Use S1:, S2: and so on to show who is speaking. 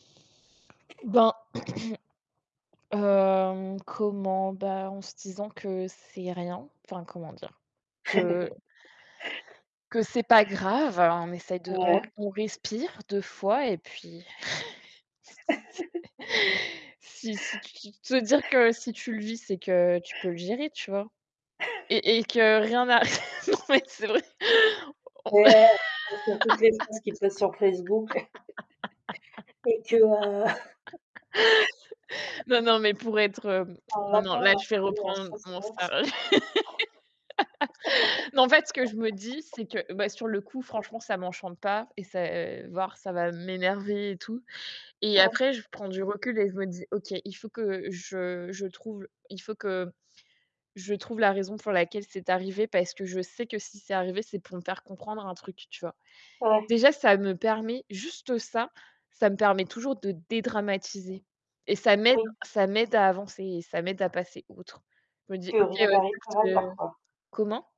S1: Ben hem, comment? Bah, en se disant que c'est rien, enfin, comment dire? Que que c'est pas grave. On essaie de on r
S2: Ouais.
S1: on respire 2 fois et puis si si tu de se dire que si tu le vis, c'est que tu peux le gérer, tu vois? Et et que rien n'a non, mais c'est vrai. On
S2: Ouais, tu penses à toutes les choses qui passent sur Facebook. Et que, heu
S1: Non non, mais pour être, hem, non, non, là, je vais reprendre mon sér non, en fait, ce que je me dis,
S2: [unintelligible]
S1: c'est que, bah, sur le coup, franchement, ça m'enchante pas et ça, heu, voire ça va m'énerver et tout. Et
S2: Ouais.
S1: après, je prends du recul et je me dis: «OK, il faut que je je trouve l il faut que je trouve la raison pour laquelle c'est arrivé, parce que je sais que si c'est arrivé, c'est pour me faire comprendre un truc», tu vois?
S2: Ouais.
S1: Déjà, ça me permet juste ça, ça me permet toujours de dédramatiser et ça m'aide
S2: Oui.
S1: ça m'aide à avancer et ça m'aide à passer outre. Je me dis:
S2: Que
S1: «OK,»
S2: rien n'arrive par hasard,
S1: [unintelligible]
S2: quoi.
S1: Comment?